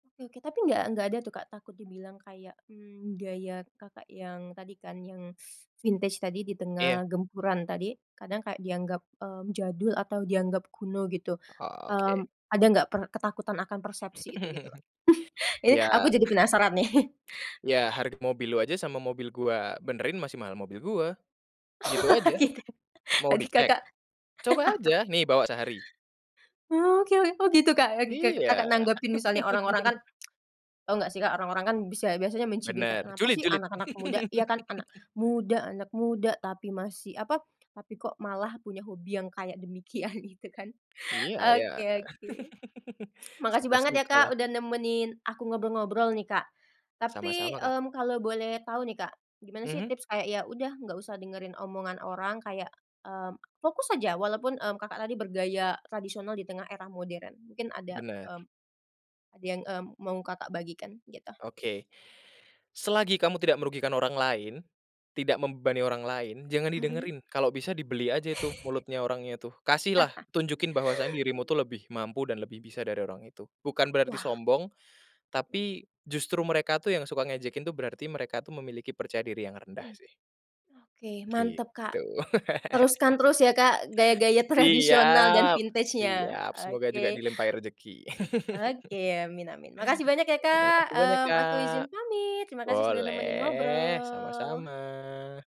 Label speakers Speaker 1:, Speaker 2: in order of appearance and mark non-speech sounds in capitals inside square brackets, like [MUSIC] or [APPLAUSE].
Speaker 1: Oke. Tapi nggak nggak ada tuh, Kak, takut dibilang kayak, mmm, gaya Kakak yang tadi kan yang [SUCKS TEETH] vintage tadi
Speaker 2: Iya.
Speaker 1: ditengah gempuran tadi, kadang kayak dianggap, mmm, jadul atau dianggap kuno gitu?
Speaker 2: Oke.
Speaker 1: Mmm, ada nggak per ketakutan akan persepsi itu gitu loh?
Speaker 2: [CHUCKLES]
Speaker 1: [UNINTELLIGIBLE] Ini aku
Speaker 2: Ya.
Speaker 1: jadi penasaran nih. [CHUCKLES]
Speaker 2: "Iya, harga mobil lu aja sama mobil gue benerin masih mahal mobil gue." Gitu
Speaker 1: Wah,
Speaker 2: aja.
Speaker 1: gitu.
Speaker 2: "Mau
Speaker 1: Tadi
Speaker 2: dicek?
Speaker 1: Kakak
Speaker 2: Coba aja
Speaker 1: [LAUGHS]
Speaker 2: nih bawa sehari."
Speaker 1: Oke. Oh, gitu, Kak, Kaka
Speaker 2: Iya.
Speaker 1: Kakak nanggepin misalnya orang-orang kan,
Speaker 2: [CHUCKLES]
Speaker 1: [SMACKS LIPS] tau nggak sih orang-orang kan bisa biasanya mencibir kayak,
Speaker 2: Bener,
Speaker 1: "Kenapa
Speaker 2: julid
Speaker 1: sih
Speaker 2: julid.
Speaker 1: anak-anak muda, ya kan anak
Speaker 2: [CHUCKLES]
Speaker 1: muda anak muda tapi masih apa, tapi kok malah punya hobi yang kayak demikian," gitu kan.
Speaker 2: Iya, ya.
Speaker 1: Oke oke.
Speaker 2: [CHUCKLES]
Speaker 1: Makasih banget ya, Kak,
Speaker 2: Suka-sukalah.
Speaker 1: udah nemenin aku ngobrol-ngobrol nih, Kak. Tapi,
Speaker 2: Sama-sama, Kak.
Speaker 1: mmm, kalo boleh tau nih, Kak, gimana sih
Speaker 2: Mhm.
Speaker 1: tips kayak ya udah nggak usah dengerin omongan orang kayak, mmm, fokus aja walaupun, mmm, Kakak tadi bergaya tradisional di tengah era modern. Mungkin ada,
Speaker 2: Bener.
Speaker 1: mmm, ada yang, mmm, mau Kakak bagikan gitu?
Speaker 2: Oke, selagi kamu tidak merugikan orang lain, tidak membebani orang lain jangan
Speaker 1: Mhm.
Speaker 2: didengerin, kalau bisa dibeli aja itu
Speaker 1: [CHUCKLES]
Speaker 2: mulutnya orangnya tuh, kasihlah
Speaker 1: [CHUCKLES]
Speaker 2: tunjukin bahwasanya dirimu tuh lebih mampu dan lebih bisa dari orang itu. Bukan berarti
Speaker 1: Wah.
Speaker 2: sombong
Speaker 1: Mmm.
Speaker 2: tapi justru mereka tuh yang suka ngejekin tuh berarti mereka tuh memiliki percaya diri yang rendah
Speaker 1: Mmm.
Speaker 2: sih.
Speaker 1: Oke mantap, Kak,
Speaker 2: Gitu.
Speaker 1: teruskan
Speaker 2: [CHUCKLES]
Speaker 1: terus ya, Kak, gaya-gaya tradisional dan
Speaker 2: Siap
Speaker 1: vintage-nya,
Speaker 2: siap semoga juga
Speaker 1: oke.
Speaker 2: dilimpahi rezeki.
Speaker 1: Oke,
Speaker 2: [CHUCKLES]
Speaker 1: amin amin. Makasih banyak ya,
Speaker 2: Terima
Speaker 1: Kak,
Speaker 2: kasih banyak,
Speaker 1: mmm, aku
Speaker 2: Kak.
Speaker 1: izin pamit. Terima kasih sudah nemenin
Speaker 2: Boleh
Speaker 1: ngobrol.
Speaker 2: sama-sama.